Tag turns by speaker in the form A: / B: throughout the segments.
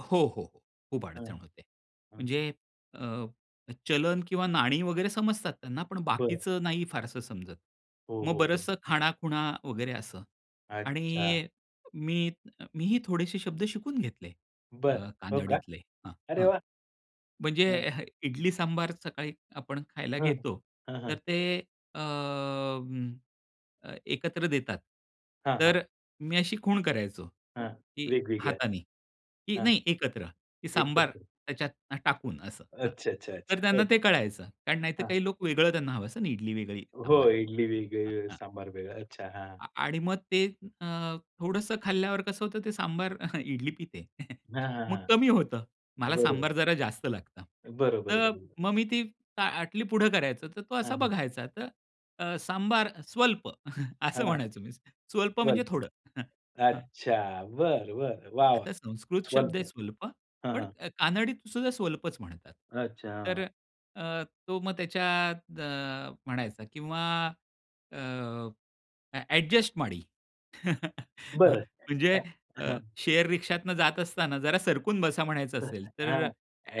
A: हो, हो, हो. खूप
B: हां,
A: अडचण होते.
B: हां.
A: म्हणजे अ, चलन किंवा नाणी वगैरे समजतात त्यांना, पण
B: बरं.
A: बाकीचं नाही फारसं समजत.
B: हो,
A: मग
B: हो, हो.
A: बरचसं खाणाखुणा वगैरे असं
B: अच्छा!
A: आणि मी मीही थोडेसे शब्द शिकून घेतले
B: बरं.
A: अ,
B: हो का?
A: कांनडीतले. हां,
B: अरे
A: हां.
B: वाह!
A: म्हणजे
B: हां.
A: हं. इडली सांबार सकाळी आपण खायला
B: हं, हं
A: घेतो,
B: हां,
A: तर
B: हां.
A: ते अं, अ, एकत्र देतात.
B: हां, हां.
A: तर मी अशी खूण करायचो,
B: हां.
A: की
B: वेगवेगळा.
A: हाताने की
B: हां.
A: नाही एकत्र सांबार
B: एकत्र.
A: त्याच्यात टाकून असं हं.
B: अच्छा, अच्छा,
A: तर
B: अच्छा.
A: त्यांना
B: हो,
A: ते कळायचं, कारण नाहीतर
B: हो. हां.
A: काही लोकं त्यांना हवं असतं आणि इडली वेगळी,
B: हो.
A: सांबार वेगळा.
B: इडली वेगळी,
A: हं, हं.
B: सांबार वेगळा अच्छा. हां.
A: आ आणि मग ते अ, थोडंसं खाल्ल्यावर कसं होतं ते सांबार, इडली पिते.
B: हां, हां,
A: मग
B: हां.
A: कमी होतं. मला सांबार
B: बरोबर.
A: जरा जास्त लागतं.
B: बरोबर,
A: तर
B: बरोबर.
A: मग मी ती ताटली पुढं करायचो तर तो
B: हां,
A: असा
B: हां.
A: बघायचा तर अ, सांबार स्वल्प
B: हां,
A: असं
B: हां.
A: म्हणायचो मी. स्वल्प म्हणजे
B: बरोबर.
A: थोडं हं, हं.
B: अच्छा. बरं, बरं. वाह! वाह!
A: आता संस्कृत शब्द
B: स्वल्प
A: आहे स्वल्प,
B: हां,
A: पण
B: हां.
A: अ, कानडीतसुद्धा स्वल्पच म्हणतात.
B: अच्छा,
A: तर
B: हां.
A: अ, तो मग त्याच्यात अ, म्हणायचा किंवा अ, एडजस्ट माडी
B: बरं.
A: म्हणजे
B: हं,
A: अ,
B: हं.
A: शेअर रिक्षातून जात असताना जरा सरकून बसा म्हणायचं असेल
B: [unintelligible]
A: तर
B: हां.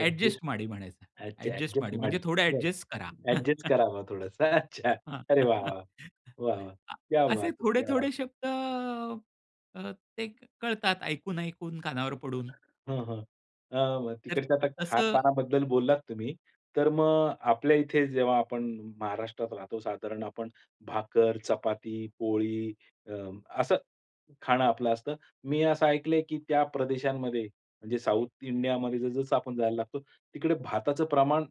B: एडजस्ट.
A: माडी म्हणायचं.
B: अच्छा.
A: एडजस्ट
B: एडजस्ट
A: माडी म्हणजे
B: माडी
A: थोडं
B: बरं.
A: एडजस्ट करा.
B: एडजस्ट करावा थोडंस, अच्छा.
A: हां.
B: अरे वाह! वाह! वाह! वाह!
A: अ,
B: क्या
A: असे
B: बात है! क्या बात
A: थोडे-थोडे
B: है!
A: शब्द अ, ते कळतात ऐकून-ऐकून कानावर पडून.
B: हां, हां. अ, मग,
A: तर
B: तिकडच्या तर
A: तसं
B: खाणपानाबद्दल बोललात तुम्ही. तर मग आपल्या इथे जेव्हा आपण महाराष्ट्रात राहतो साधारण आपण भाकर, चपाती, पोळी अ, असं खाणं आपलं असतं. मी असं ऐकलंय की त्या प्रदेशांमध्ये म्हणजे साउथ इंडियामध्ये जस-जसं आपण जायला लागतो, तिकडे भाताचं प्रमाण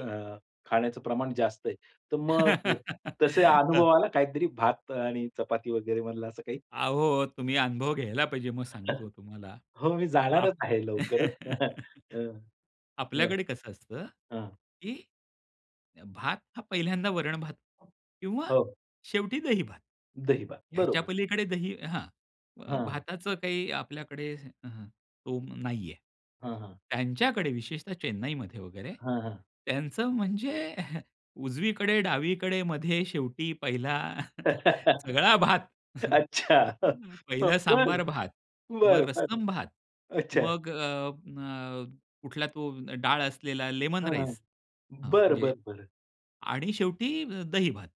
B: अ, खाण्याचं प्रमाण जास्त आहे. तर मग तसे
A: हं.
B: अनुभवा आला काहीतरी भात आणि चपाती वगैरे मधलं असं काही?
A: अहो, तुम्ही अनुभव घ्यायला पाहिजे. मग सांगतो तुम्हाला.
B: हो, मी
A: आप
B: जाणारच आहे लवकरच. अ, हं.
A: आपल्याकडे कसं असतं,
B: हां.
A: की अ, भात हा पहिल्यांदा वरण-भात किंवा
B: हो.
A: शेवटी दही-भात.
B: दही-भात,
A: ह्याच्या
B: बरोबर.
A: पलीकडे दही हां. अ,
B: हां.
A: भाताचं काही आपल्याकडे हं. स्तोम नाही आहे.
B: हां, हां.
A: त्यांच्याकडे विशेषतः चेन्नईमध्ये वगैरे
B: हां, हां.
A: त्यांचं म्हणजे उजवीकडे-डावीकडे, मध्ये, शेवटी, पहिला, सगळा भात.
B: अच्छा.
A: पहिलं
B: बरं
A: सांबार भात मग
B: बरं बरं.
A: रसम भात
B: अच्छा.
A: मग अ, अ, कुठला तो डाळ असलेला लेमन
B: हां, हां.
A: राईस हं
B: बरं,
A: म्हणजे
B: बरं, बरं.
A: आणि शेवटी दही-भात.